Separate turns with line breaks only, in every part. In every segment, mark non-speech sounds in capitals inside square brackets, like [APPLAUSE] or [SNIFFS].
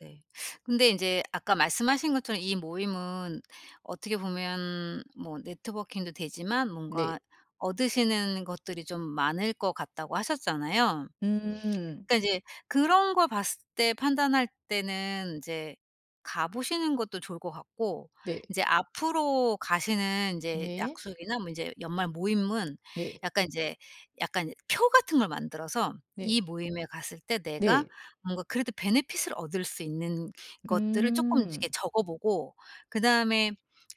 네. 근데 인제 아까 말씀하신 것처럼 이 모임은 어떻게 보면 뭐 네트워킹도 되지만
네.
뭔가 얻으시는 것들이 좀 많을 것 같다고 하셨잖아요.
음.
그러니까 이제 그런 걸 봤을 때 판단할 때는 인제 가 보시는 것도 좋을 것 같고
네.
인제 앞으로 가시는 인제
네.
약속이나 뭐 인제 연말 모임은
네.
약간 인제 약간 표 같은 걸 만들어서 이
네
모임에 갔을 때 내가
네.
뭔가 그래도 베네핏을 얻을 수 있는 것들을 쪼끔
음.
이렇게 적어 보고 그다음에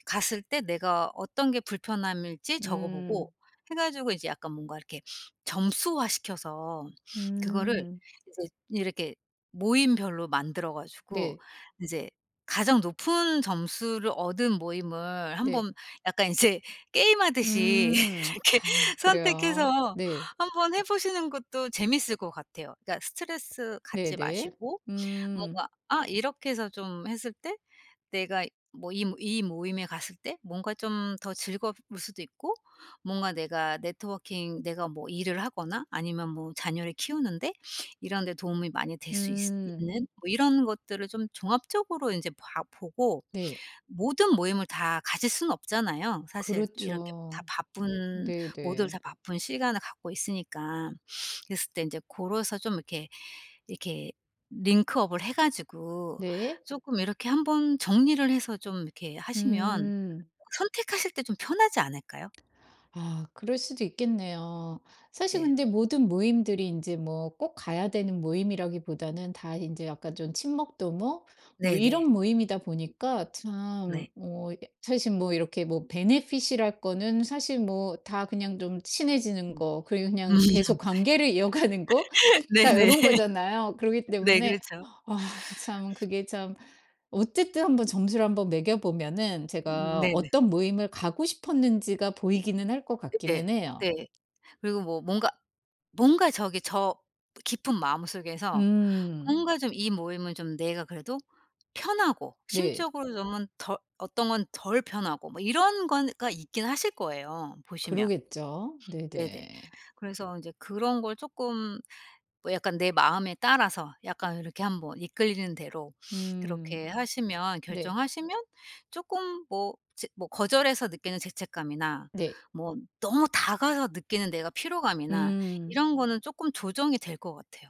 갔을 때 내가 어떤 게 불편함일지 적어 보고
음.
해 가지고 이제 약간 뭔가 이렇게 점수화 시켜서 그거를
음.
이제 이렇게 모임별로 만들어 가지고
네.
이제 가장 높은 점수를 얻은 모임을
네.
한번 약간 이제 게임하듯이
음.
이렇게
아 그래요?
선택해서
네.
한번 해 보시는 것도 재밌을 것 같아요. 그러니까 스트레스 갖지
네네.
마시고
음.
뭔가 아 이렇게 해서 좀 했을 때 내가 뭐 이 이 모임에 갔을 때 뭔가 좀 더 즐거울 수도 있고 뭔가 내가 네트워킹 내가 뭐 일을 하거나 아니면 뭐 자녀를 키우는 데 [SNIFFS] 이런 데 도움이 많이 될 수 있을
음.
있는 뭐 이런 것들을 좀 종합적으로 인제 봐 보고
네.
모든 모임을 다 가실 수는 없잖아요. 사실 이렇게 다
그렇죠.
바쁜 모두들
네네.
다 바쁜 시간을 갖고 있으니까. [SNIFFS] 그랬을 때 인제 고로서 좀 이렇게 이렇게 링크 업을 해 가지고
네.
쪼끔 이렇게 한번 정리를 해서 좀 이렇게 하시면
음.
선택하실 때 좀 편하지 않을까요?
아 그럴 수도 있겠네요. 사실
네.
근데 모든 모임들이 인제 뭐 꼭 가야 되는 모임이라기보다는 다 인제 약간 좀 친목 도모 뭐 이런
네네.
모임이다 보니까 참
네.
뭐 이 사실 뭐 이렇게 뭐 베네핏이랄 거는 사실 뭐 다 그냥 좀 친해지는
음.
거 그리고
음.
그냥 계속 관계를 이어가는 거? 다
네네.
요런 거잖아요. 그러기
네
때문에
그렇죠.
아 참 그게 참. 어쨌든 1 번 점수를 한번 매겨 보면은
음.
제가
네네.
어떤 모임을 가고 싶었는지가 보이기는 할 것
예.
같기는 해요.
네. 그리고 뭐 뭔가 뭔가 저기 저 깊은 마음속에서
음.
뭔가 좀 이 모임은 좀 내가 그래도 편하고
네.
심적으로 [UNINTELLIGIBLE] 덜 어떤 건 덜 편하고 뭐 이런 건가 있긴 하실 거예요, 보시면.
그러겠죠.
네네.
네네.
그래서 인제 그런 걸 쪼끔 뭐 약간 내 마음에 따라서 약간 이렇게 한번 이끌리는 대로 [SNIFFS]
음.
그렇게 하시면
네.
결정하시면 쪼끔 뭐 제 뭐 거절해서 느끼는 죄책감이나
네.
뭐 너무 다가가 느끼는 내가 피로감이나
음.
이런 거는 쪼끔 조정이 될 것 같아요.